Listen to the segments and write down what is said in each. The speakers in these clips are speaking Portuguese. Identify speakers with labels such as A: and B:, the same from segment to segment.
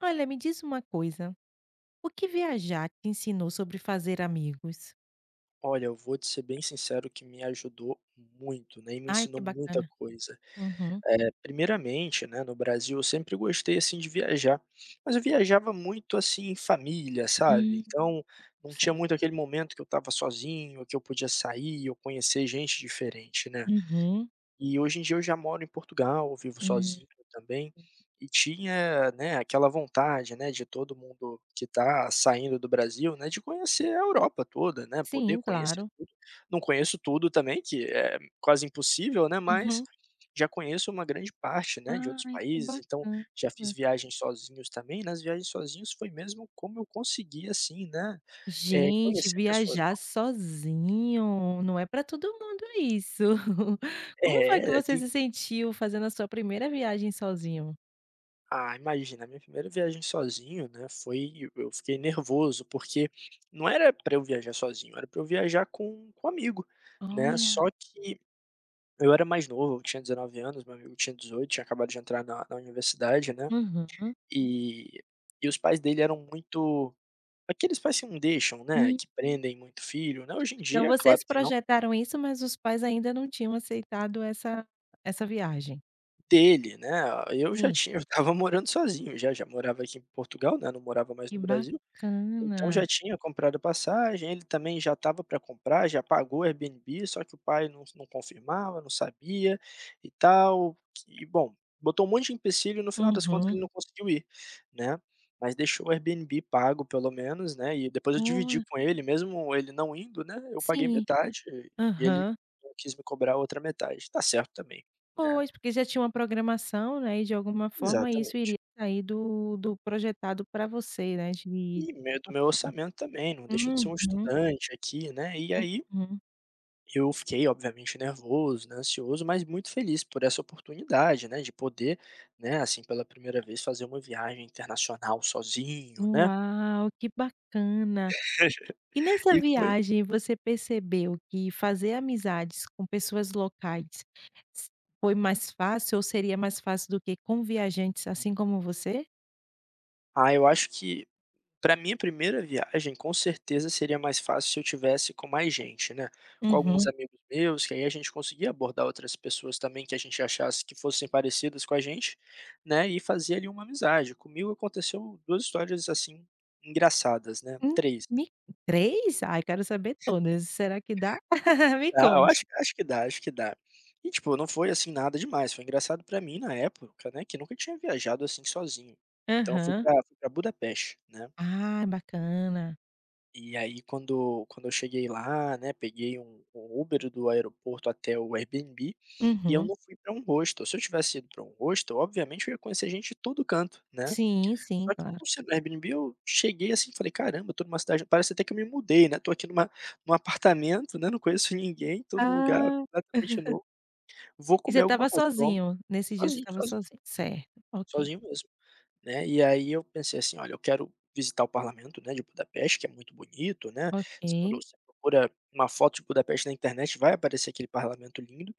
A: Olha, me diz uma coisa: o que viajar te ensinou sobre fazer amigos?
B: Olha, eu vou te ser bem sincero, que me ajudou muito, né, e me
A: Ai, que
B: ensinou muita
A: bacana!
B: coisa.
A: Uhum.
B: Eh, primeiramente, né, no Brasil, eu sempre gostei, assim, de viajar, mas eu viajava muito, assim, em família, sabe.
A: Hum.
B: Então, não tinha
A: Cer
B: muito aquele momento que eu estava sozinho, que eu podia sair ou conhecer gente diferente, né.
A: Uhum.
B: E, hoje em dia, eu já moro em Portugal, vivo
A: Hum. Uhum.
B: sozinho também, e tinha, né, aquela vontade, né, de todo mundo que está saindo do Brasil, né, de conhecer a Europa toda, né, poder
A: Sim,
B: conhecer
A: claro.
B: tudo. Não conheço tudo, também, que é quase impossível, né, mas,
A: Uhum.
B: já conheço uma grande parte, né, de outros
A: Ai, que
B: países, então,
A: bacana!
B: já fiz viagens sozinhos também. Nas viagens sozinhos foi mesmo como eu consegui, assim, né, eh,
A: Gente!
B: conhecer pessoas
A: Viajar
B: novas.
A: sozinho não é para todo mundo isso. Como foi que
B: É,
A: você
B: tem
A: se sentiu fazendo a sua 1º viagem sozinho?
B: Ah, imagina! A minha primeira viagem sozinho, né, foi e eu fiquei nervoso, porque não era para eu viajar sozinho, era para eu viajar com com amigo, né,
A: Olha.
B: só que eu era mais novo, eu tinha 19 anos, meu amigo tinha 18, tinha acabado de entrar na na universidade, né,
A: Uhum.
B: e e os pais dele eram muito aqueles pais que não deixam, né,
A: Hum.
B: que prendem muito o filho, né. Hoje em
A: Então,
B: dia, é claro
A: vocês
B: que não
A: projetaram isso, mas os pais ainda não tinham aceitado essa essa viagem?
B: Dele né, eu já
A: Sim.
B: tinha eu estava morando sozinho já já morava aqui em Portugal, né, não morava mais
A: Que
B: no Brasil, então já
A: bacana.
B: tinha comprado passagem, ele também já estava para comprar, já pagou Airbnb só que o pai não não confirmava, não sabia, e tal, e bom, botou um monte de empecilho e no final das contas
A: Uhum.
B: ele não conseguiu ir, né, mas deixou o Airbnb pago pelo menos, né, e depois eu dividi
A: Olha.
B: com ele mesmo ele não indo, né, eu paguei
A: Sim,
B: metade, e ele
A: aham.
B: não quis me cobrar a outra metade, está certo também, né.
A: Pois, porque já tinha uma programação, né, e de alguma forma isso
B: Exatamente.
A: iria sair do do projetado para você né de
B: E meio do
A: certa
B: meu orçamento também, não deixa de ser
A: forma,
B: um
A: uhum.
B: estudante aqui, né, e aí,
A: Uhum.
B: eu fiquei obviamente nervoso, né, ansioso mas muito feliz por essa oportunidade, né, de poder, né, assim, pela 1º vez fazer uma viagem internacional sozinho, né.
A: Uau, que bacana. E nessa
B: E foi
A: viagem você percebeu que fazer amizades com pessoas locais s foi mais fácil ou seria mais fácil do que com viajantes assim como você?
B: Ah, eu acho que, pra minha 1ª viagem, com certeza seria mais fácil se eu tivesse com mais gente, né, com alguns
A: Uhum.
B: amigos meus, que aí a gente conseguia abordar outras pessoas também que a gente achasse que fossem parecidas com a gente, né, e fazer ali uma amizade. Comigo aconteceu 2 histórias, assim, engraçadas, né,
A: Hum
B: 3.
A: me 3? Ai, quero saber todas, será que dá? Me
B: Ah, eu
A: conte.
B: acho acho que dá, acho que dá. E, tipo, não foi assim nada demais, foi engraçado pra mim na época, né, que nunca tinha viajado assim sozinho. Então, eu fui
A: Aham.
B: para fui para Budapeste, né.
A: Ah, bacana.
B: E aí, quando quando eu cheguei lá, né, peguei um um Uber do aeroporto até o Airbnb, e eu
A: Uhum.
B: não fui para um hostel, se eu tivesse ido para um hostel, obviamente eu ia conhecer gente de todo canto, né?
A: Sim, sim.
B: Só que
A: Claro.
B: por ser no Airbnb, eu cheguei assim e falei: "Caramba, estou numa cidade parece até que eu me mudei, né, tô aqui num num apartamento, né, não conheço ninguém, tô num lugar
A: Ah.
B: completamente novo. Vou
A: E você
B: comer alguma
A: estava
B: coisa que eu amo"
A: sozinho? Nesse dia você
B: sozinho,
A: estava
B: sozinho,
A: sozinho, certo, ok.
B: sozinho mesmo, né. E aí eu pensei assim: olha, eu quero visitar o parlamento, né, de Budapeste, que é muito bonito, né, se todo
A: Ok.
B: você procura uma foto de Budapeste na internet, vai aparecer aquele parlamento lindo.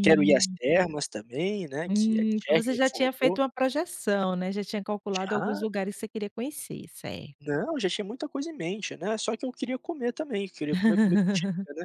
B: Quero ir às termas também, né, que é
A: Hum, então
B: Király
A: você já tinha
B: Fürdő.
A: feito uma projeção, né, já tinha calculado alguns
B: Já.
A: lugares que você queria conhecer, certo.
B: Não, já tinha muita coisa em mente, né, só que eu queria comer também, queria comer comida típica, né,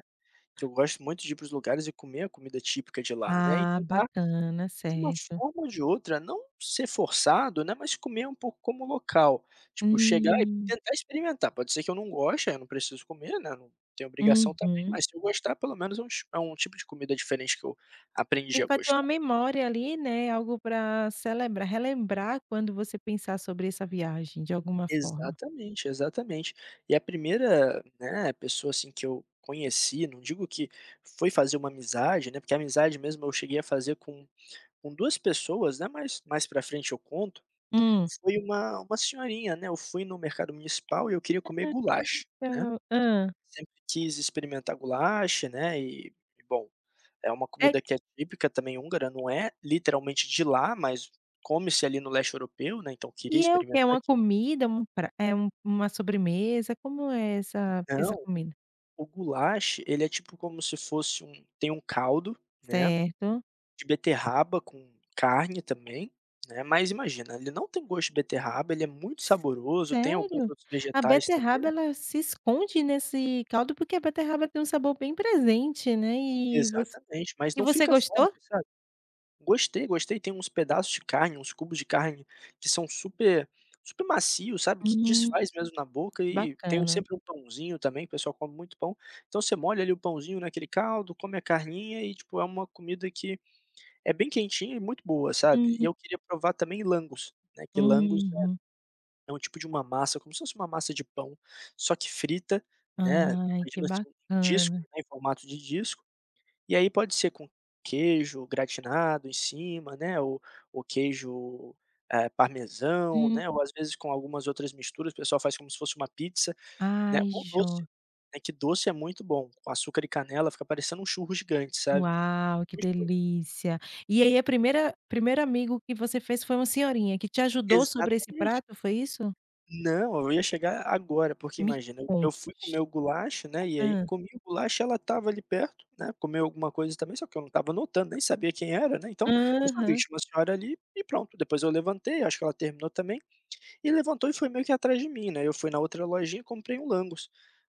B: que eu gosto muito de ir para os lugares e comer a comida típica de lá, né, e
A: Ah,
B: tentar
A: bacana.
B: de uma
A: Certo.
B: forma ou de outra, não ser forçado, né. Mas comer um pouco como local, tipo chegar e
A: Hum.
B: tentar experimentar. Pode ser que eu não goste, aí eu não preciso comer, né, não tenho obrigação também,
A: Uhum.
B: mas se eu gostar, pelo menos é um ti é um tipo de comida diferente que eu aprendi
A: E
B: a
A: pra ter uma
B: gostar.
A: memória ali, né, algo para celebrar relembrar quando você pensar sobre essa viagem de alguma forma.
B: Exatamente, exatamente! E a 1ª, né, pessoa assim que eu conheci, não digo que foi fazer uma amizade, né, porque a amizade mesmo eu cheguei a fazer com com 2 pessoas, né, mas mais para frente eu conto,
A: Hum.
B: foi uma uma senhorinha, né. Eu fui no mercado municipal e eu queria comer
A: [unintelligible] aquele
B: Gulyás, né.
A: então hã.
B: Sempre quis experimentar Gulyás, né, e bom, é uma
A: É
B: comida que é típica também húngara, não é literalmente de lá, mas come-se ali, no leste europeu, né, então queria
A: E é o
B: experimentar
A: quê? Uma
B: aquilo.
A: comida, é um prat é um é uma sobremesa, como é essa essa
B: Não,
A: comida?
B: o Gulyás ele é tipo como se fosse um tem um caldo, né,
A: Certo.
B: de beterraba com carne também, né, mas imagina ele não tem gosto de beterraba, ele é muito
A: S
B: saboroso, tem alguns
A: sério?
B: outros
A: A
B: vegetais
A: beterraba
B: também.
A: ela se esconde nesse caldo, porque a beterraba tem um sabor bem presente, né. E você
B: Exatamente, mas
A: e
B: não
A: você
B: fica forte,
A: gostou?
B: sabe gostei, gostei, tem uns pedaços de carne, uns cubos de carne que são super super macios, sabe, que
A: Hum,
B: desfaz mesmo na boca
A: que
B: e tem o
A: bacana.
B: sempre um pãozinho também, o pessoal come muito pão. Então você molha ali o pãozinho naquele caldo, come a carninha e, tipo, é uma comida que é bem quentinha e muito boa, sabe. E
A: Hum.
B: eu queria provar também Lángos, né, que Lángos é
A: Uhum.
B: é um tipo de uma massa, como se fosse uma massa de pão, só que frita, né.
A: Ai, que
B: Imagina, assim, um disco,
A: bacana.
B: né, em formato de disco, e aí pode ser com queijo gratinado em cima, né, ou o queijo, eh, parmesão,
A: Hum.
B: né, ou, às vezes, com algumas outras misturas, o pessoal faz como se fosse uma pizza, né,
A: Ai,
B: ou doce,
A: jo
B: né, que doce é muito bom, com açúcar e canela fica parecendo um churros gigante, sabe,
A: Uau, que
B: gostoso.
A: delícia! E aí, a primeira primeiro amigo que você fez foi uma senhorinha que te ajudou sobre esse
B: Exatamente.
A: prato, foi isso?
B: Não, eu ia chegar agora, porque
A: Me
B: imagina, eu
A: conte.
B: fui comer o gulacho, né, e aí
A: Hã.
B: comi o gulacho, ela estava ali perto, né, comeu alguma coisa também, só que eu não estava notando, nem sabia quem era, né, então, só vi que
A: Aham.
B: tinha uma senhora ali, e pronto. Depois eu levantei, acho que ela terminou também, e levantou e foi meio que atrás de mim, né. Eu fui na outra lojinha, comprei um langos,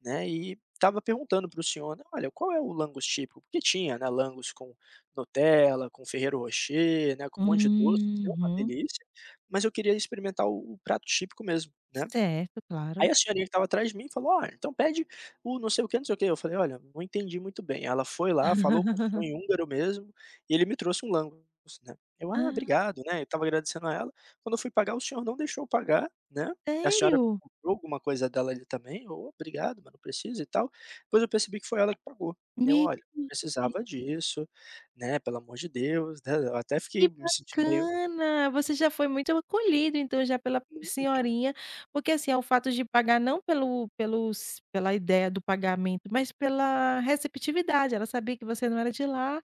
B: né. E estava perguntando para o senhor: "Olha, qual é o langos tipico?" Porque tinha, né, langos com nutella, com ferrero rocher, né, com um monte de doce, uma
A: Uhum.
B: delícia, mas eu queria experimentar o o prato típico mesmo, né.
A: Certo, claro.
B: Aí a senhorinha que estava atrás de mim falou: "Olha, então pede o não sei o que não sei o que." Eu falei: "Olha, não entendi muito bem." Ela foi lá, falou com o senhor em húngaro mesmo, e ele me trouxe um langos, né. Eu: "Ah,
A: Hã.
B: obrigado." Né, eu estava agradecendo a ela, quando eu fui pagar o senhor não deixou eu pagar, né, a senhora
A: Sério?
B: comprou alguma coisa dela ali também: "Olha obrigado, mas não precisa e tal." Depois eu percebi que foi ela que pagou. Eu: "Olha, não
A: [unintelligible]
B: precisava disso, né, pelo amor de Deus, né." Eu até fiquei
A: Que
B: me sentindo meio
A: bacana, você já foi muito acolhido, então, já pela
B: Muito.
A: senhorinha. Porque, assim, é o fato de pagar não pelo pelos pela ideia do pagamento mas pela receptividade, ela sabia que você não era de lá,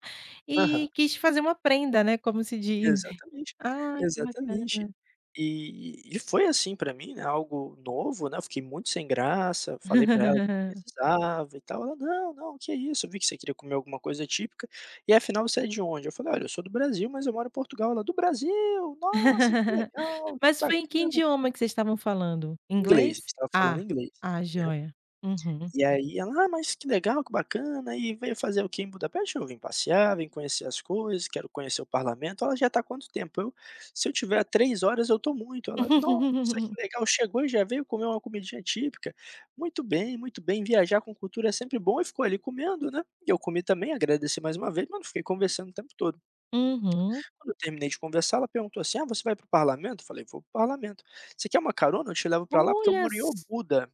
B: Aham.
A: e quis fazer uma prenda, né, como se diz.
B: Exatamente,
A: Ai, que
B: exatamente.
A: bacana.
B: E e foi assim para mim, né, algo novo, né. Eu fiquei muito sem graça, falei para ela que não precisava e tal, ela: "Não, não, que isso, eu vi que você queria comer alguma coisa típica, e afinal você é de onde?" Eu falei: "Olha, eu sou do Brasil mas eu moro em Portugal." Ela: "Do Brasil, nossa que legal, que
A: Mas foi em que
B: bacana."
A: idioma que vocês estavam falando?
B: Inglês, a gente
A: Inglês?
B: estava falando
A: Ah,
B: inglês,
A: ah
B: né.
A: joia, uhum.
B: E aí ela: "Ah, mas que legal, que bacana, e veio fazer o que em Budapeste?" "Eu vim passear, vim conhecer as coisas, quero conhecer o parlamento." Ela: "Já está há quanto tempo?" Eu: "Se eu tiver a três horas, eu estou muito." Ela: "Nossa, que legal. Chegou e já veio comer uma comidinha típica, muito bem muito bem." Viajar com cultura é sempre bom e ficou ali comendo, né, e eu comi também, agradeci mais uma vez mas não fiquei conversando o tempo todo.
A: Uhum.
B: Quando eu terminei de conversar, ela perguntou assim: "Ah, você vai para o parlamento?" Eu falei: "Vou para o parlamento. Você quer uma carona? Eu te levo para lá porque eu
A: Olha
B: moro em Obuda."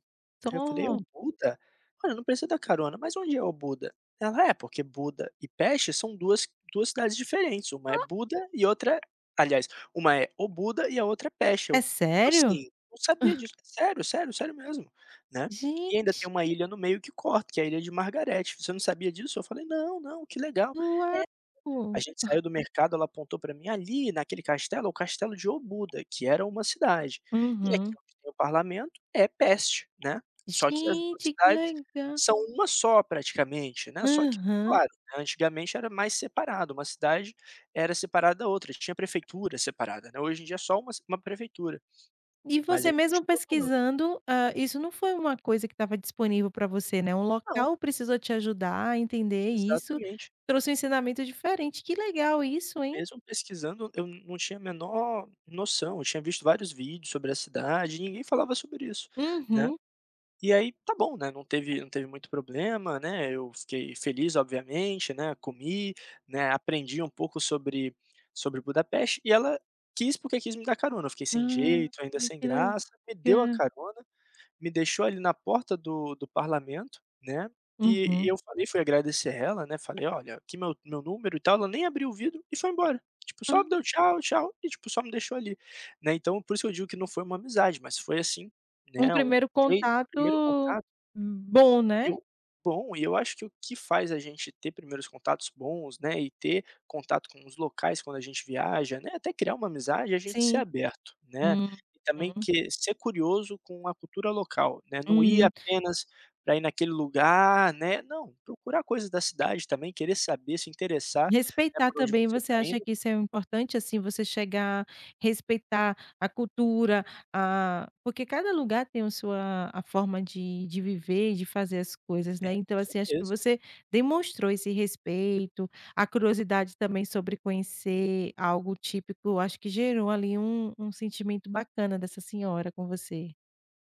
B: Aí eu falei:
A: só.
B: "Obuda? Olha eu não preciso da carona, mas onde é Obuda?" Ela: "É porque Buda e Peste são duas duas cidades diferentes, uma é
A: Oh.
B: Buda e outra, aliás, uma é Obuda e a outra é Peste."
A: É
B: Eu:
A: sério?
B: "Assim, não sabia disso, sério, sério, sério mesmo, né." "E ainda
A: Gente.
B: tem uma ilha no meio que corta, que é a ilha de Margarete, você não sabia disso?" Eu falei: "Não, não. Que legal." É,
A: Uau.
B: gente saiu do mercado, ela apontou para mim: "Ali naquele castelo é o castelo de Obuda que era uma cidade. E aqui
A: Uhum.
B: onde é o parlamento é Peste, né, só que as duas
A: Gente, que
B: cidades
A: legal.
B: são uma só praticamente, né, só que
A: Aham.
B: claro, antigamente era mais separado, uma cidade era separada da outra, tinha prefeitura separada, né. Hoje em dia é só uma uma prefeitura."
A: E
B: Mas
A: você
B: aí,
A: mesmo
B: continua falando
A: pesquisando, hã, isso não foi uma coisa que estava disponível para você, né. O
B: Não.
A: local precisou te ajudar a entender isso,
B: Exatamente.
A: trouxe um ensinamento diferente, que legal isso, hein?
B: Mesmo pesquisando, eu não tinha a menor noção, eu tinha visto vários vídeos sobre a cidade e ninguém falava sobre isso, né.
A: Uhum.
B: E aí tá bom, né, não teve não teve muito problema, né, eu fiquei feliz, obviamente, né, comi, né, aprendi um pouco sobre sobre Budapeste e ela quis porque quis me dar carona, eu fiquei sem
A: Ah,
B: jeito, ainda sem
A: que
B: graça, me deu a
A: legal.
B: carona, me deixou ali na porta do do parlamento, né, e e
A: Uhum.
B: eu falei fui agradecer ela, né, falei: "Olha, aqui meu meu número e tal." Ela nem abriu o vidro e foi embora, tipo, só me deu
A: Ah.
B: tchau tchau, e, tipo, só me deixou ali, né. Então, por isso eu digo que não foi uma amizade, mas foi, assim, né,
A: Um primeiro
B: foi um primeiro
A: contato,
B: contato
A: bom, né?
B: Eu bom, e eu acho que o que faz a gente ter primeiros contatos bons, né, e ter contato com os locais quando a gente viaja, né, até criar uma amizade, é a gente ser
A: Sim.
B: aberto, né. E também
A: Uhum.
B: que ser curioso com a cultura local, né, não ir
A: Hum.
B: apenas para ir naquele lugar, né, não, procurar coisas da cidade também, querer saber, se interessar, né,
A: Respeitar
B: por onde
A: também.
B: você
A: Você
B: está
A: acha
B: indo
A: que isso é importante, assim, você chegar, respeitar a cultura, a porque cada lugar tem a sua a forma de de viver e de fazer as coisas,
B: É,
A: né.
B: com
A: Então, assim, acho que
B: certeza.
A: você demonstrou esse respeito, a curiosidade também sobre conhecer algo típico, acho que gerou ali um um sentimento bacana dessa senhora com você.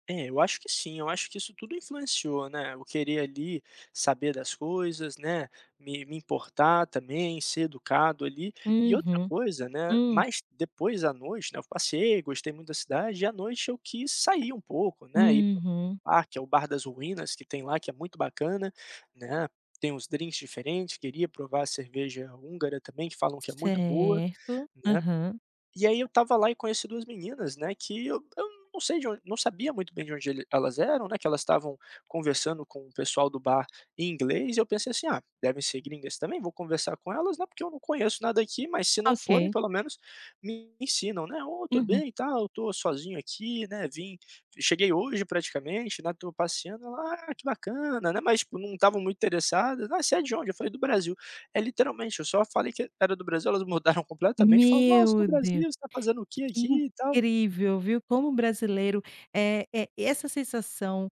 B: É, eu acho que sim, eu acho que isso tudo influenciou, né, eu querer ali saber das coisas, né, me me importar também, ser educado, ali. E outra
A: Uhum.
B: coisa, né,
A: Hum.
B: mais depois à noite, né, eu passeei, gostei muito da cidade e à noite eu quis sair um pouco, né, ir para um
A: Uhum.
B: parque ou Bar das Ruínas que tem lá, que é muito bacana, né, tem uns drinks diferentes, queria provar a cerveja húngara também, que falam que é muito boa,
A: Certo.
B: né.
A: Aham.
B: E aí eu estava lá e conheci 2 meninas, né, que eu eu não sei de onde não sabia muito bem de onde ele elas eram, né, que elas estavam conversando com o pessoal do bar em inglês e eu pensei assim: "Ah, devem ser gringas também, vou conversar com elas, né, porque eu não conheço nada aqui, mas se não forem,
A: Ok.
B: pelo menos me ensinam, né. 'Ô, tudo
A: Uhum.
B: bem, tal, eu estou sozinho aqui, né, vim cheguei hoje praticamente, né, estou passeando'", ela: "Ah, que bacana, né", mas, tipo, não estavam muito interessadas: "Ah, você é de onde?", eu falei: "Do Brasil". É literalmente, eu só falei que e era do Brasil, elas mudaram completamente, falaram: "Nossa, do
A: Meu
B: Brasil.
A: Deu
B: Você está fazendo o que
A: que
B: aqui e tal?".
A: incrível, viu, como o brasileiro é é e essa sensação,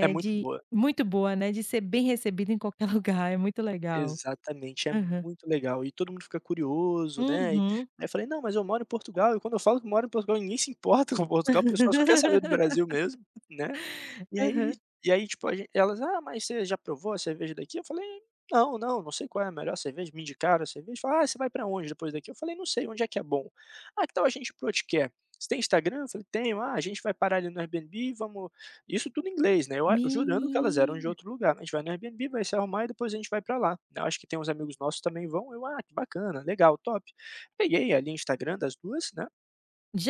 B: É muito
A: de
B: boa.
A: muito boa, né, de ser bem recebido em qualquer lugar, é muito legal.
B: Exatamente, é
A: Aham.
B: muito legal. E todo mundo fica curioso, né, e
A: Uhum.
B: aí eu falei: "Não, mas eu moro em Portugal", e quando eu falo que moro em Portugal, ninguém se importa com Portugal, o pessoal só quer saber do Brasil mesmo, né. E
A: Aham.
B: aí e aí, tipo, a gen elas: "Ah, mas você já provou a cerveja daqui?", eu falei: "Não, não, não sei qual é a melhor cerveja", me indicaram a cerveja, falaram: "Ah, você vai para onde depois daqui?", eu falei: "Não sei, onde é que é bom?", "ah, que tal a gente ir para o Otkert? Você tem Instagram?", eu falei: "Tenho". "Ah, a gente vai parar ali no Airbnb, vamos" e isso tudo em inglês, né, eu a jurando que elas eram de
A: Menina.
B: outro lugar: "A gente vai no Airbnb, vai se arrumar e depois a gente vai para lá, né. Eu acho que tem uns amigos nossos também vão", eu: "Ah, que bacana, legal, top". Peguei ali Instagram das 2, né,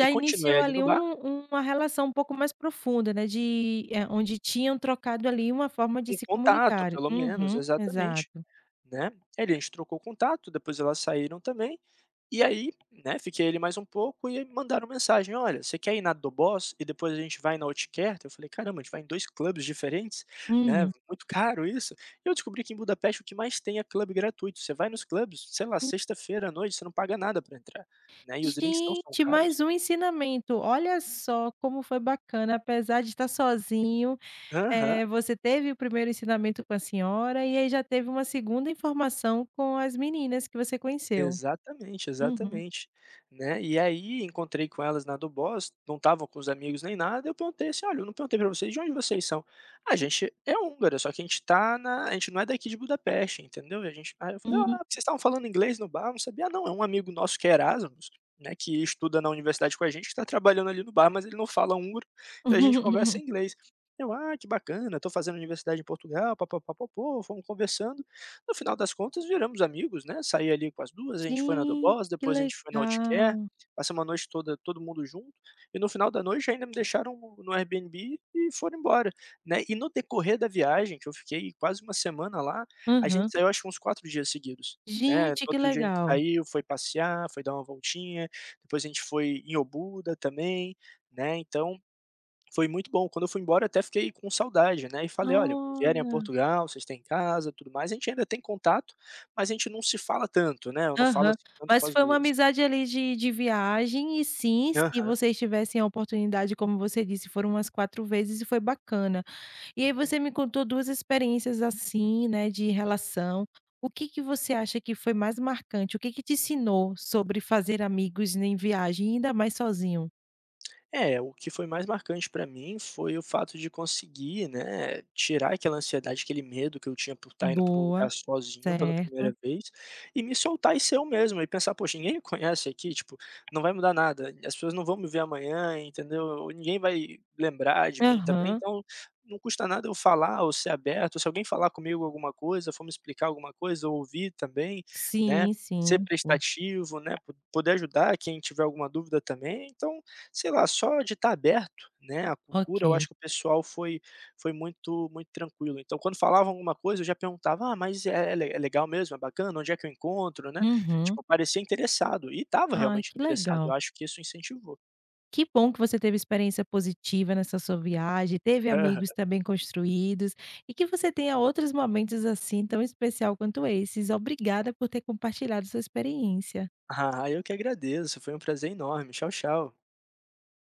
B: e continuei
A: iniciou,
B: ali
A: ali,
B: no bar
A: um uma relação um pouco mais profunda, né, de ah, onde tinham trocado, ali, uma forma de
B: Um
A: se
B: contato,
A: comunicarem.
B: pelo menos,
A: Uhum,
B: exatamente,
A: exato.
B: né. E daí a gente trocou o contato, depois elas saíram também, e aí, né, fiquei ali mais um pouco e aí me mandaram mensagem: "Olha, você quer ir na Doboz e depois a gente vai na Otkert?", eu falei: "Caramba, a gente vai em 2 clubs diferentes? Né,
A: Uhum.
B: muito caro isso". Eu descobri que em Budapest o que mais tem é club gratuito, você vai nos clubs, sei lá, sexta-feira à noite você não paga nada para entrar, né, e os drinks não são
A: Gente,
B: caros.
A: mais um ensinamento, olha só, como foi bacana, apesar de estar sozinho,
B: Aham.
A: eh, você teve o 1º ensinamento com a senhora, e aí já teve uma 2º informação com as meninas que você conheceu.
B: Exatamente,
A: Uhum.
B: exatamente. Né, e aí encontrei com elas na Doboz, não estavam com os amigos nem nada, eu perguntei assim: "Olha, eu não perguntei para vocês, de onde vocês são?", "a gente é húngara, só que a gente está na a gente não é daqui de Budapeste, entendeu, e gente" aí eu falei:
A: Hum.
B: "Ah, vocês estavam falando inglês no bar, eu não sabia", "não, é um amigo nosso que é Erasmus, né, que estuda na Universidade com a gente que está trabalhando ali no bar, mas ele não fala húngaro, então a gente conversa em inglês". Eu: "Ah, que bacana, eu estou fazendo Universidade em Portugal, pa-pa-pa-po-po", fomos conversando, no final das contas viramos amigos, né, saí ali com as 2, a gente foi na
A: Gente,
B: Doboz,
A: que
B: depois a gente foi na Otkert,
A: legal.
B: passamos a noite toda todo mundo junto, e no final da noite ainda me deixaram no no Airbnb e foram embora, né. E no decorrer da viagem que eu fiquei quase 1 semana lá, a
A: Aham.
B: gente saiu acho que uns 4 dias seguidos, né, no
A: Gente, que
B: outro dia a gente
A: legal!
B: saiu, foi passear, foi dar uma voltinha, depois a gente foi em Obuda também, né, então foi muito bom, quando eu fui embora, até fiquei com saudade, né, e falei: "Olha, vierem a
A: Olha.
B: Portugal, vocês têm casa, tudo mais", a gente ainda tem contato, mas a gente não se fala tanto, né, eu não falo,
A: Aham.
B: assim, tanto com
A: Mas
B: as
A: foi uma
B: 2.
A: amizade, ali, de de viagem e sim, se
B: Aham.
A: vocês tivessem a oportunidade, como você disse, foram as 4 vezes e foi bacana. E aí você me
B: Muito.
A: contou 2 experiências, assim, né, de relação, o que que você acha que foi mais marcante? O que que te ensinou sobre fazer amigos em viagem, ainda mais sozinho?
B: É, o que foi mais marcante pra mim foi o fato de conseguir, né, tirar aquela ansiedade, aquele medo que eu tinha por estar indo para um
A: Boa,
B: lugar sozinho, pela
A: certo.
B: primeira vez, e me soltar e ser eu mesmo e pensar: "Poxa ninguém conhece aqui tipo, não vai mudar nada, e as pessoas não vão me ver amanhã", entendeu, ou: "Ninguém vai lembrar de mim também",
A: Aham.
B: então, não custa nada eu falar ou ser aberto, se alguém falar comigo alguma coisa, for me explicar alguma coisa ou ouvir também, né,
A: Sim,
B: ser
A: sim, sim.
B: prestativo, né, po poder ajudar quem tiver alguma dúvida também então, sei lá, só de estar aberto, né, à cultura eu
A: Ok.
B: acho que o pessoal foi foi muito muito tranquilo, então, quando falavam alguma coisa, eu já perguntava: "Ah, mas é é legal mesmo, é bacana, onde é que eu encontro", né,
A: Uhum.
B: tipo, parecia interessado, e estava
A: Ai,
B: realmente
A: que
B: interessado, eu
A: legal.
B: acho que isso incentivou.
A: Que bom que você teve experiência positiva nessa sua viagem, teve
B: Aham.
A: amigos também construídos, e que você tenha outros momentos assim tão especial quanto esses. Obrigada por ter compartilhado sua experiência.
B: Ah, eu que agradeço, foi um prazer enorme, tchau, tchau.